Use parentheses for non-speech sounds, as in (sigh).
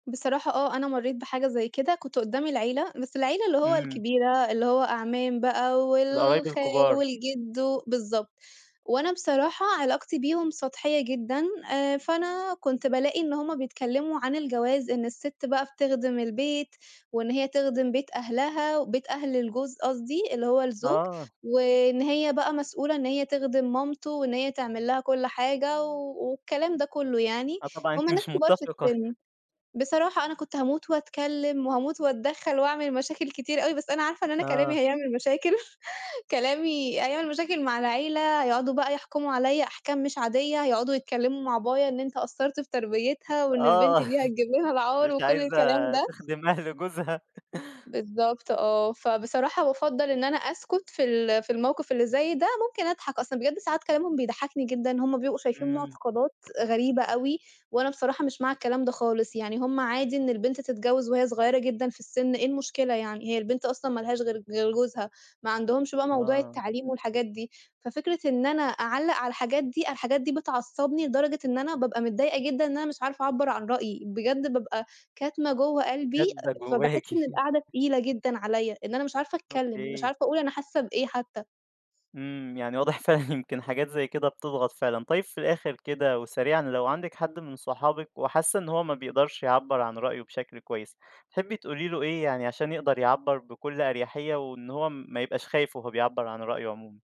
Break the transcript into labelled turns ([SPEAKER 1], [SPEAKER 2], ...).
[SPEAKER 1] بصراحة آه أنا مرّيت بحاجة زي كده، كنت قدّام العيلة بس العيلة اللي هو
[SPEAKER 2] إمم.
[SPEAKER 1] الكبيرة اللي هو أعمام بقى
[SPEAKER 2] القرايب
[SPEAKER 1] والخال
[SPEAKER 2] الكبار.
[SPEAKER 1] والجد و بالضبط، وأنا بصراحة علاقتي بيهُم سطحية جدًا، فأنا كنت بالاقي إن هُم بيتكلّموا عن الجواز إن الست بقى بتخدم البيت، وإن هي تخدم بيت أهلها بيت أهل الجوز قصدي، اللي هو الزوج،
[SPEAKER 2] آه.
[SPEAKER 1] وإن هي بقى مسؤولة إن هي تخدم مامته وإن هي تعمل لها كلّ حاجة، و والكلام ده كلّه يعني،
[SPEAKER 2] آه طبعًا
[SPEAKER 1] هُم
[SPEAKER 2] أنتِ
[SPEAKER 1] ناس
[SPEAKER 2] مش
[SPEAKER 1] كبار في
[SPEAKER 2] مُتفقة.
[SPEAKER 1] السن، بصراحة أنا كنت هاموت وأتكلّم وهاموت وأتدخّل وأعمل مشاكل كتير أوي بس أنا عارفة إن أنا كلامي
[SPEAKER 2] آه.
[SPEAKER 1] هيعمل مشاكل، (chuckles) كلامي هيعمل مشاكل مع العيلة هيقعدوا بقى يحكموا عليّا أحكام مش عادية، هيقعدوا يتكلّموا مع بابايا إن أنت قصّرت في تربيتها وإن البنت
[SPEAKER 2] آه،
[SPEAKER 1] دي هتجيب لنا
[SPEAKER 2] (chuckles)
[SPEAKER 1] العار،
[SPEAKER 2] مش
[SPEAKER 1] وكلّ
[SPEAKER 2] عايزة
[SPEAKER 1] الكلام ده
[SPEAKER 2] تخدم أهل جوزها.
[SPEAKER 1] بالضبط آه، فبصراحة بافضّل إن أنا أسكت في ال في الموقف اللي زي ده، ممكن أضحك أصل بجد ساعات كلامهم بيضحّكني جدًا، هُم بيبقوا شايفين
[SPEAKER 2] إمم.
[SPEAKER 1] مُعتقدات غريبة أوي، وأنا بصراحة مش مع الكلام ده خالص، يعني هُم عادي إن البنت تتجوّز وهي صغيّرة جدًا في السن، إيه المشكلة يعني! هي البنت أصلًا ما لهاش غير ج غير جوزها، ما عندهمش بقى موضوع
[SPEAKER 2] آه.
[SPEAKER 1] التعليم والحاجات دي، ففكرة إن أنا أعلّق على الحاجات دي، الحاجات دي بتعصّبني لدرجة إن أنا بابقى متضايقة جدًا إن أنا مش عارفة أعبّرعن رأيي، بجد بابقى كاتمة جوّه قلبي،
[SPEAKER 2] كاتمة جواكِ.
[SPEAKER 1] فباحس إن القعدة تقيلة جدًا عليّا، إن أنا مش عارفة أتكلّم مش
[SPEAKER 2] أوكي.
[SPEAKER 1] عارفة أقول أنا حاسّة بإيه حتّى.
[SPEAKER 2] إمم، يعني واضح فعلًا يمكن حاجات زي كده بتضغط فعلًا، طيّب في الآخر كده وسريعًا، لو عندِك حد من صحابِك وحاسّة إن هو ما بيقدرش يعبّر عن رأيه بشكل كويس، تحبّي تقولي له إيه يعني عشان يقدر يعبّر بكلّ أريحية، وإن هو ما يبقاش خايف وهو بيعبّر عن رأيه عمومًا؟